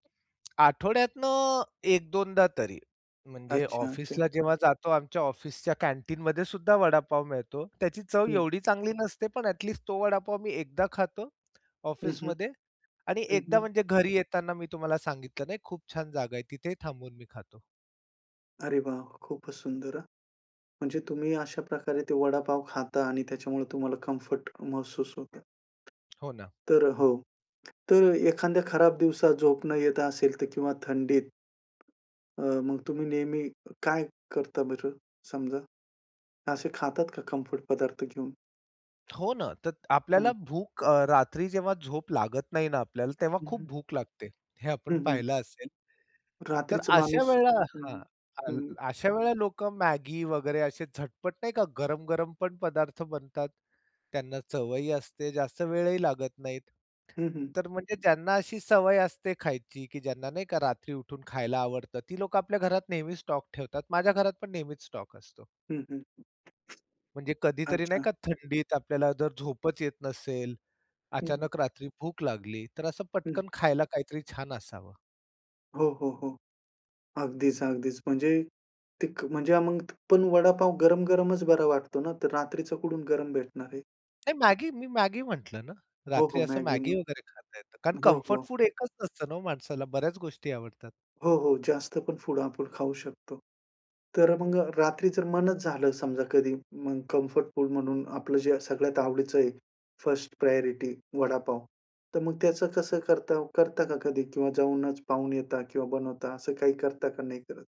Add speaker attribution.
Speaker 1: आठवड्यातनं 1-2दा दा तरी. म्हणजे
Speaker 2: अच्छा, अच्छा.
Speaker 1: ऑफिसला जेव्हा जातो, आमच्या ऑफिसच्या कॅन्टीनमध्येसुद्धा वडापाव मिळतो. त्याची चव
Speaker 2: हं.
Speaker 1: एवढी चांगली नसते पण ॲट लिस्ट तो वडापाव मी एकदा खातो
Speaker 2: हं, हं.
Speaker 1: ऑफिसमध्ये आणि
Speaker 2: हं,
Speaker 1: एकदा
Speaker 2: हं.
Speaker 1: म्हणजे घरी येताना, मी तुम्हाला सांगितलं नाही खूप छान जागा आहे. तिथे ही थांबून मी खातो.
Speaker 2: अरे वाह! खूपच सुंदर हं. म्हणजे तुम्ही अशाप्रकारे ते वडापाव खाता आणि त्याच्यामुळे तुम्हाला कम्फर्ट महसूस होतं.
Speaker 1: हो ना.
Speaker 2: तर हो, तर एखाद्या खराब दिवसात झोप न येत असेल तर किंवा थंडीत अ, मग तुम्ही नेहमी अ, काय करता बरं समजा? असे खातात का कम्फर्ट पदार्थ घेऊन?
Speaker 1: हो ना. तर
Speaker 2: हं.
Speaker 1: आपल्याला भूक अ, रात्री जेव्हा झोप लागत नाही ना आपल्याला, तेव्हा
Speaker 2: हं,
Speaker 1: खूप
Speaker 2: हं.
Speaker 1: भूक लागते. हे
Speaker 2: हं,
Speaker 1: आपण
Speaker 2: हं.
Speaker 1: पाहिलं असेल. तर
Speaker 2: रात्रीचं
Speaker 1: अशा
Speaker 2: माणूस
Speaker 1: वेळेला
Speaker 2: हं,
Speaker 1: हां,
Speaker 2: हं,
Speaker 1: हां,
Speaker 2: हं, हं.
Speaker 1: अशा वेळेला लोकं मॅगी वगैरे असे झटपट नाही का गरम-गरम पण पदार्थ बनतात. त्यांना चवही असते. जास्त वेळही लागत नाही.
Speaker 2: हं, हं.
Speaker 1: तर म्हणजे ज्यांना अशी सवय असते खायची, की ज्यांना नाही का रात्री उठून खायला आवडतं, ती लोकं आपल्या घरात नेहमी स्टॉक ठेवतात. माझ्या घरात पण नेहमीच स्टॉक असतो.
Speaker 2: हं, हं.
Speaker 1: म्हणजे कधीतरी नाही
Speaker 2: अच्छा.
Speaker 1: का थंडीत आपल्याला जर झोपच येत नसेल.
Speaker 2: हं, हं.
Speaker 1: अचानक रात्री भूक लागली तर असं
Speaker 2: हं.
Speaker 1: पटकन खायला काहीतरी छान असावं.
Speaker 2: हो, हो, हो. अगदीच ,अगदीच. म्हणजे ती म्हणजे मग पण वडापाव गरम-गरमच बरा वाटतो ना? तर रात्रीचं कोठून गरम भेटणार आहे?
Speaker 1: नाही मॅगी, मी मॅगी म्ह टलं ना,
Speaker 2: हो, हो,
Speaker 1: रात्री असं
Speaker 2: मॅगी
Speaker 1: मॅगी
Speaker 2: मग.
Speaker 1: वगैरे खाता येतं. कारण
Speaker 2: हो,
Speaker 1: कम्फर्ट
Speaker 2: हो.
Speaker 1: फूड एकच नसतं ना हो माणसाला? बऱ्याच गोष्टी आवडतात.
Speaker 2: हो, हो. जास्त पण फूड आपण खाऊ शकतो. तर मग रात्री जर मनच झालं समजा कधी मग कम्फर्ट फूड म्हणून आपलं जे सगळ्यात आवडीचं आहे, फर्स्ट प्रायोरिटी वडापाव. तर मग त्याचं कसं करता हो? करता का कधी किंवा जाऊनच पाहून येता किंवा बनवता असं काही करता का नाही करत?